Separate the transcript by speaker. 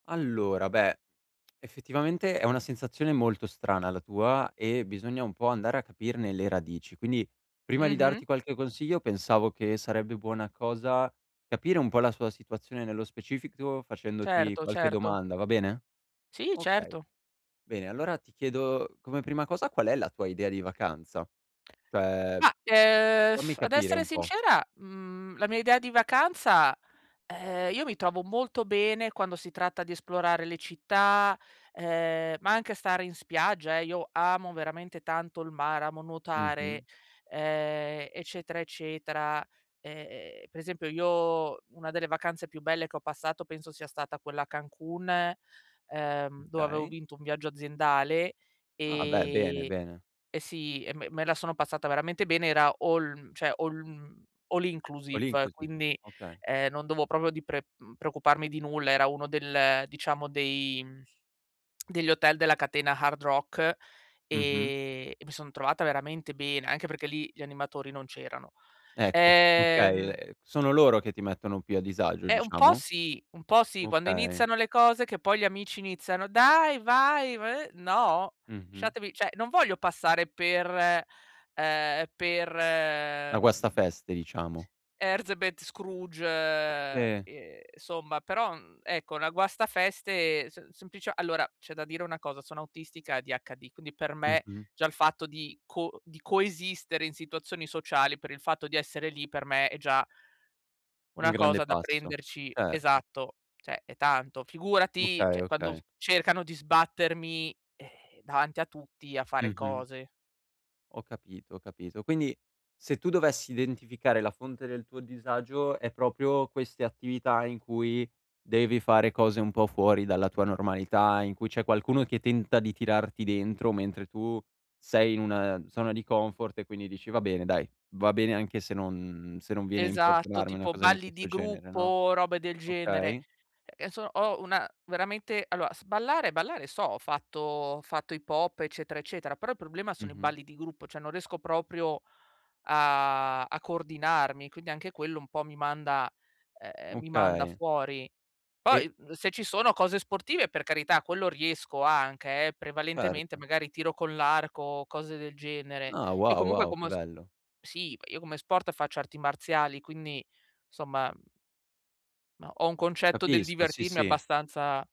Speaker 1: Allora, beh, effettivamente, è una sensazione molto strana la tua e bisogna un po' andare a capirne le radici, quindi prima di
Speaker 2: Mh-mh.
Speaker 1: darti qualche consiglio pensavo che sarebbe buona cosa capire un po' la sua situazione nello specifico, facendoti
Speaker 2: Certo,
Speaker 1: qualche
Speaker 2: certo.
Speaker 1: domanda, va bene?
Speaker 2: Sì,
Speaker 1: Okay,
Speaker 2: certo.
Speaker 1: bene, allora, ti chiedo come prima cosa, qual è la tua idea di vacanza? Cioè,
Speaker 2: Ma, ehm,
Speaker 1: fammi
Speaker 2: ad
Speaker 1: capire
Speaker 2: essere
Speaker 1: un po'.
Speaker 2: sincera, mhmm, la mia idea di vacanza: ehm, io mi trovo molto bene quando si tratta di esplorare le città, ehm, ma anche a stare in spiaggia, ehm, io amo veramente tanto il mare, amo
Speaker 1: Mh-mh.
Speaker 2: nuotare, ehm, eccetera, eccetera, ehm, per esempio, io una delle vacanze più belle che ho passato penso sia stata quella a Cancun, ehm, dove avevo
Speaker 1: Okay.
Speaker 2: vinto un viaggio aziendale,
Speaker 1: Ah, beh, bene,
Speaker 2: ehm,
Speaker 1: bene.
Speaker 2: e sì, e me me la sono passata veramente bene, era all mhmm, cioè all mhmm, all
Speaker 1: All
Speaker 2: inclusive,
Speaker 1: inclusive.
Speaker 2: quindi,
Speaker 1: Okay.
Speaker 2: ehm, non dovevo proprio di pre uhm, preoccuparmi di nulla. Era uno del, diciamo dei, mhmm, degli hotel della catena Hard Rock
Speaker 1: Mh-mh.
Speaker 2: e mi son trovata veramente bene, anche perché lì gli animatori non c'erano,
Speaker 1: Ecco, okay,
Speaker 2: ehm
Speaker 1: ehm, sono loro che ti mettono più a disagio,
Speaker 2: Eh, un po'
Speaker 1: diciamo?
Speaker 2: sì, un po' sì, quando
Speaker 1: Okay.
Speaker 2: iniziano le cose che poi gli amici iniziano: "Dai, vai, v" no,
Speaker 1: Mh-mh.
Speaker 2: lasciatevi, cioè, non voglio passare per ehm, per,
Speaker 1: La guaste
Speaker 2: mhmm
Speaker 1: feste, diciamo.
Speaker 2: Herzebet Scrooge,
Speaker 1: E.
Speaker 2: ehm, somma, però, uhm, ecco, una guastafeste s semplice allora c'è da dire una cosa, sono autistica ADHD, quindi per me
Speaker 1: Mh-mh.
Speaker 2: già il fatto di co di coesistere in situazioni sociali, per il fatto di essere lì per me è già
Speaker 1: Un
Speaker 2: una
Speaker 1: grande
Speaker 2: cosa da
Speaker 1: passo,
Speaker 2: prenderci
Speaker 1: certo.
Speaker 2: esatto, cioè è tanto. Figurati,
Speaker 1: Okay,
Speaker 2: cioè quando u
Speaker 1: okay.
Speaker 2: cercano di sbattermi, ehm, davanti a tutti a fare
Speaker 1: Mh-mh.
Speaker 2: cose.
Speaker 1: Ho capito, ho capito. Quindi se tu dovessi identificare la fonte del tuo disagio, è proprio queste attività in cui devi fare cose un po' fuori dalla tua normalità, in cui c'è qualcuno che tenta di tirarti dentro, mentre tu sei in un, ehm, zona di comfort e quindi dici: "Va bene, dai, va bene anche se non se non viene a
Speaker 2: Esatto,
Speaker 1: importunarmi una
Speaker 2: tipo
Speaker 1: cosa di
Speaker 2: balli di
Speaker 1: questo genere",
Speaker 2: gruppo
Speaker 1: no?
Speaker 2: o robe del genere.
Speaker 1: Okay.
Speaker 2: Che so ho una veramente, allora, s ballare ballare so, ho fatto ho fatto hip hop, eccetera, eccetera, però il problema sono i
Speaker 1: Mh-mh.
Speaker 2: balli di gruppo, cioè non riesco proprio a a coordinarmi, quindi anche quello un po' mi manda ehm, mi manda
Speaker 1: Okay.
Speaker 2: fuori.
Speaker 1: E
Speaker 2: Poi, mhmm, se ci sono cose sportive, per carità, quello riesco anche, eh, prevalentemente
Speaker 1: Erto.
Speaker 2: magari tiro con l'arco o cose del genere.
Speaker 1: Ah,
Speaker 2: Io
Speaker 1: wow,
Speaker 2: comunque
Speaker 1: wow, che
Speaker 2: come s
Speaker 1: bello.
Speaker 2: sì, io come sport faccio arti marziali, quindi, somma no, ho un concetto del
Speaker 1: Capisco, sì,
Speaker 2: divertirmi
Speaker 1: sì.
Speaker 2: abbastanza